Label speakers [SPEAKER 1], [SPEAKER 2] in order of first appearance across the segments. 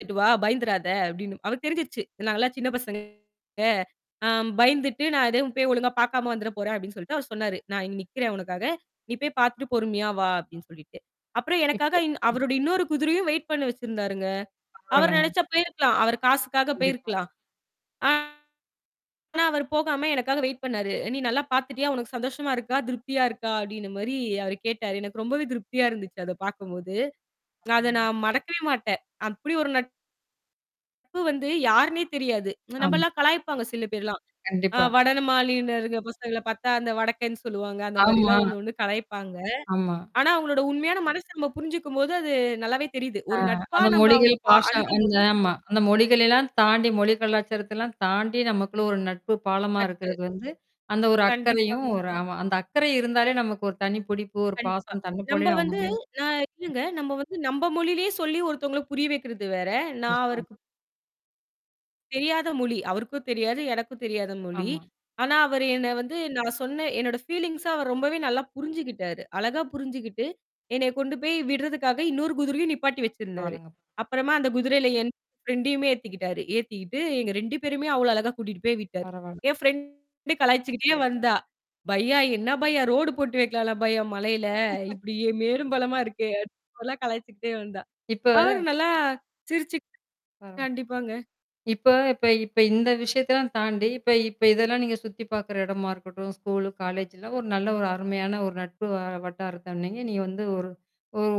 [SPEAKER 1] "போய்ட்டு வா பயந்திராத" அப்படின்னு அவருக்கு தெரிஞ்சிருச்சு. நாங்க எல்லாம் சின்னப் பசங்க அ பயந்துட்டு நான் எதையும் போய் ஒழுங்கா பாக்காம வந்துர போறேன், அப்படின்னு சொல்லிட்டு அவரு சொன்னாரு. "நான் இங்க நிக்கிறேன் உனக்காக. நீ போய் பாத்துட்டு பொறுமையா வா" அப்படின்னு சொல்லிட்டு. அப்புறம் எனக்காக
[SPEAKER 2] இப்போ.
[SPEAKER 1] இன்
[SPEAKER 2] ம்.
[SPEAKER 1] அவருடைய இன்னொரு குதிரையும் வெயிட் பண்ண வச்சிருந்தாருங்க. அவரு
[SPEAKER 2] பரவால்லங்க.
[SPEAKER 1] நெனச்சா போயிருக்கலாம். அவரு காசுக்காக
[SPEAKER 2] கண்டிப்பா.
[SPEAKER 1] போயிருக்கலாம். ஆனா, அவரு போகாம எனக்காக வெயிட் பண்ணாரு. அ, "நீ நல்லா பாத்துட்டியா? உனக்குச் சந்தோஷமா இருக்கா? திருப்தியா இருக்கா?" அப்படின்ன மாரி அவரு கேட்டாரு. எனக்கு ரொம்பவே திருப்தியா இருந்துச்சு அத பாக்கும்போது. நான், அதை
[SPEAKER 2] பரவால்ல!
[SPEAKER 1] நான் மறக்கவே மாட்டேன். அப்படி ஒரு நட்பு வந்து, யாருன்னே தெரியாது.
[SPEAKER 2] ஆமா.
[SPEAKER 1] நம்பெல்லாம் கலாய்ப்பாங்க சில பேர் எல்லாம். அ
[SPEAKER 2] கண்டிப்பா.
[SPEAKER 1] வடமாநில பசங்கள பாத்தா, அந்த வடக்கன்னு சொல்லுவாங்க. அந்த மாரி
[SPEAKER 2] ஆமா.
[SPEAKER 1] எல்லாம் ஒண்ணொண்ணு கலாய்ப்பாங்க.
[SPEAKER 2] ஆமா.
[SPEAKER 1] ஆனா, அவுங்களோட உண்மையான மனச நம்ம புரிஞ்சுக்கும்போது, அது நல்லாவே தெரியுது.
[SPEAKER 2] அ
[SPEAKER 1] ஒரு நட்பா
[SPEAKER 2] அந்த
[SPEAKER 1] நம்ப
[SPEAKER 2] மொழிகள்,
[SPEAKER 1] அவுங்கள பா
[SPEAKER 2] பாச அந்த
[SPEAKER 1] அணுகம்போது
[SPEAKER 2] ஆமா. அந்த மொழிகள எல்லாம் தாண்டி மொழி கலாச்சாரத்தை எல்லாம் தாண்டி, நமக்குள்ள ஒரு நட்பு பாலமா
[SPEAKER 1] நட்பு.
[SPEAKER 2] இருக்கிறது வந்து, அந்த ஒரு அக்கறையும்,
[SPEAKER 1] கண்டிப்பாங்க.
[SPEAKER 2] ஒரு ஆமா அந்த அக்கரை இருந்தாலே நமக்கு ஒரு தனிப்புடுப்பு, ஒரு
[SPEAKER 1] கண்டிப்பா.
[SPEAKER 2] பாசம், தன்னைப்
[SPEAKER 1] நம்ப
[SPEAKER 2] போலவே அவுங்க
[SPEAKER 1] வந்து
[SPEAKER 2] மேல
[SPEAKER 1] அ இல்லங்க.
[SPEAKER 2] வந்துரும்.
[SPEAKER 1] நம்ம வந்து நம்ப மொழியிலயே சொல்லி, ஒருத்தவங்கள புரிய வைக்கிறது வேற, நான்
[SPEAKER 2] கஷ்டம்.
[SPEAKER 1] அவருக்கு தெரியாத மொழி அவருக்கும் தெரியாது. எனக்கும் தெரியாத மொழி.
[SPEAKER 2] eஆமா.
[SPEAKER 1] ஆனா, அவரு என்ன வந்து, நான் சொன்ன என்னோட ஃபீலிங்ச அவர் ரொம்பவே நல்லா புரிஞ்சுக்கிட்டாரு. அழகா புரிஞ்சுகிட்டு, என்னைய கொண்டு போய் விட்றதுக்காக, இன்னொரு குதிரையும் நிப்பாட்டி வச்சிருந்தாரு.
[SPEAKER 2] பரவால்லங்க.
[SPEAKER 1] அப்புறமா அந்தக் குதிரையில என் ஃப்ரண்டயுமே ஏத்திக்கிட்டாரு. ஏத்திக்கிட்டு, எங்க 2 பேரயுமே அவ்வளோ அழகா கூட்டிட்டு போய் விட்டாரு.
[SPEAKER 2] பரவாயில்ல.
[SPEAKER 1] என் ஃபிரண்டு கலாய்ச்சுக்கிட்டே வந்தா. பையா, என்ன பையா, ரோடு போட்டு வைக்கலாம்ல பையா! மலையில. இப்படி மேடும், பள்ளமா இருக்கே. அந்த மாரிலாம் எல்லாம் கலாய்ச்சுக்கிட்டே வந்தா.
[SPEAKER 2] இப்ப
[SPEAKER 1] அவரு நல்லா, சிரிச்சு
[SPEAKER 2] அ.
[SPEAKER 1] கண்டிப்பாங்க.
[SPEAKER 2] இப்ப இப்ப இப்ப இந்த விஷயத்தை எல்லாம் தாண்டி, இப்ப இப்ப இதெல்லாம் நீங்கச் சுத்தி பாக்குற இடமா இருக்கட்டும், ஸ்கூல், காலேஜெல்லாம் ஒரு நல்ல ஒரு அருமையான ஒரு நட்பு வ வட்டாரத்தை, நீங்க நீங்க வந்து, ஒரு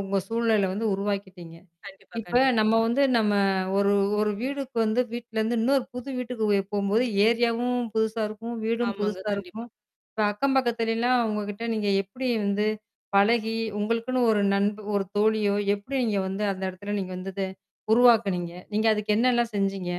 [SPEAKER 2] உங்க சூழலை வந்து உருவாக்கிட்டீங்க.
[SPEAKER 1] கண்டிப்பா
[SPEAKER 2] இப்ப
[SPEAKER 1] கண்டிப்பா.
[SPEAKER 2] நம்ம வந்து நம்ம ஒரு ஒரு வீடுக்கு வந்து வீட்டுல இருந்து இன்னொரு புது வீட்டுக்கு வெ போம்போது, ஏரியாவும் புதுசா இருக்கும், வீடும்
[SPEAKER 1] ஆமாங்க.
[SPEAKER 2] புதுசா இருக்கும்.
[SPEAKER 1] கண்டிப்பா.
[SPEAKER 2] ப்ப அக்கம் பக்கத்தில எல்லாம் அவுங்ககிட்ட நீங்க எப்படி வந்து பழகி, உங்களுக்குன்னு ஒரு நண்ப ஒரு தோழியோ! எப்படி நீங்க வந்து அந்த எடத்துல நீங்க வந்து அத உருவாக்கினீங்க? நீங்க அதுக்கு என்னல்லாம் செஞ்சீங்க?